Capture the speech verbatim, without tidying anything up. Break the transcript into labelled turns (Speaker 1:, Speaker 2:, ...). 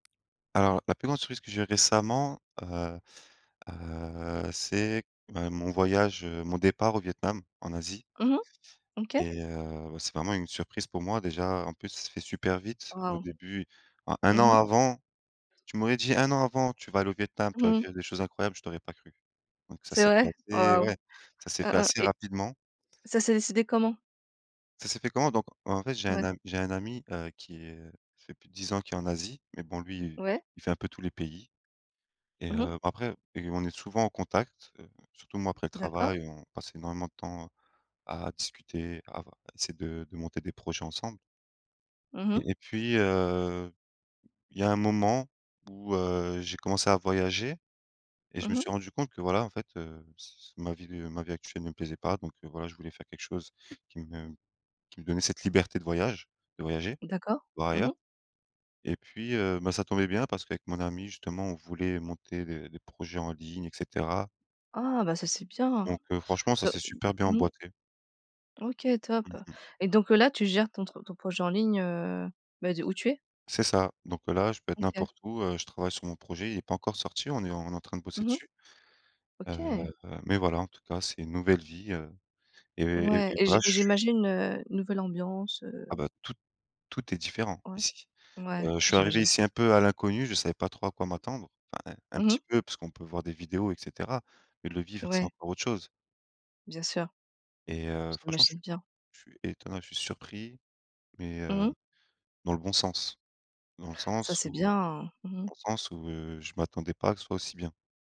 Speaker 1: Alors, la plus grande surprise que j'ai eue récemment, heu, heu, c'est, bah, mon voyage, heu, mon départ au Vietnam, en Asie
Speaker 2: Mmh mh. OK.
Speaker 1: et heu, bah, c'est vraiment une surprise pour moi déjà, en plus ça s'est fait super vite. Au
Speaker 2: Waouh!
Speaker 1: début en un
Speaker 2: Mmh
Speaker 1: an
Speaker 2: mh.
Speaker 1: avant tu m'aurais dit un an avant, tu vas aller au Vietnam, tu
Speaker 2: Mmh
Speaker 1: vas
Speaker 2: mh.
Speaker 1: vivre des choses incroyables, je t'aurais pas cru. Donc ça
Speaker 2: C'est
Speaker 1: s'est fait
Speaker 2: vrai? Oh
Speaker 1: assez
Speaker 2: waouh!
Speaker 1: ouais, ça s'est
Speaker 2: Mmh
Speaker 1: fait
Speaker 2: mh
Speaker 1: assez
Speaker 2: et
Speaker 1: rapidement.
Speaker 2: ça s'est décidé comment?
Speaker 1: Ça s'est fait comment? Donc en fait, j'ai un
Speaker 2: Ouais.
Speaker 1: am j'ai un ami, heu, qui est, heu, ça fait plus de dix ans qu'il est en Asie, mais bon, lui,
Speaker 2: Ouais.
Speaker 1: il fait un peu tous les pays et
Speaker 2: Mmh mh.
Speaker 1: heu, après et on est souvent en contact, heu, surtout moi, après le
Speaker 2: D'accord.
Speaker 1: travail, on passe énormément de temps à discuter, à v à essayer de de monter des projets ensemble.
Speaker 2: Mmh mh.
Speaker 1: Et et puis, heu, il y a un moment où, heu, j'ai commencé à voyager et je me
Speaker 2: Mmh mh.
Speaker 1: suis rendu compte que voilà en fait, heu, c c ma vie, de ma vie actuelle me plaisait pas donc heu, voilà je voulais faire quelque chose qui me qui me donnait cette liberté de voyage de voyager.
Speaker 2: D'accord.
Speaker 1: Voir
Speaker 2: Mmh mh.
Speaker 1: ailleurs. Et puis, heu, ben ça tombait bien parce qu'avec mon ami justement, on voulait monter des des projets en ligne et cetera
Speaker 2: Oh, bah ça c'est bien!
Speaker 1: donc heu franchement, ça
Speaker 2: Donc,
Speaker 1: s'est
Speaker 2: m
Speaker 1: super bien
Speaker 2: mmh mh.
Speaker 1: emboîté.
Speaker 2: OK, top!
Speaker 1: Mmh mh.
Speaker 2: Et donc là, tu gères ton truc ton projet en ligne, heu, bah, d'où tu es?
Speaker 1: C'est ça. Donc heu, là je peux être
Speaker 2: OK.
Speaker 1: n'importe où, heu, je travaille sur mon projet, il est pas encore sorti, on est on est en train de bosser
Speaker 2: Mmh mh.
Speaker 1: dessus. Heu,
Speaker 2: OK!
Speaker 1: mais voilà en tout cas, c'est une nouvelle vie, heu, et et
Speaker 2: Ouais,
Speaker 1: et
Speaker 2: et j'i
Speaker 1: voilà je suis
Speaker 2: j'imagine, heu, nouvelle ambiance, heu
Speaker 1: Ah bah tout tout est différent,
Speaker 2: Ouais.
Speaker 1: ici.
Speaker 2: Ouais,
Speaker 1: Heu,
Speaker 2: ah
Speaker 1: je suis arrivé
Speaker 2: j'imagine.
Speaker 1: ici un peu à l'inconnu, je savais pas trop à quoi m'attendre. Enfin un un
Speaker 2: Mmh
Speaker 1: petit
Speaker 2: mh.
Speaker 1: peu parce qu'on peut voir des vidéos et cetera, mais de le vivre c'est
Speaker 2: Ouais.
Speaker 1: encore autre chose.
Speaker 2: Bien sûr.
Speaker 1: Et heu, franchement je
Speaker 2: J'imagine
Speaker 1: suis
Speaker 2: bien.
Speaker 1: je suis étonné je suis surpris mais,
Speaker 2: Mmh
Speaker 1: heu,
Speaker 2: mh.
Speaker 1: dans le bon sens. Dans le
Speaker 2: Ça
Speaker 1: sens
Speaker 2: c'est
Speaker 1: où, heu,
Speaker 2: bien! Mmh mh.
Speaker 1: dans le sens où, heu, je m'attendais pas à que ce soit aussi bien.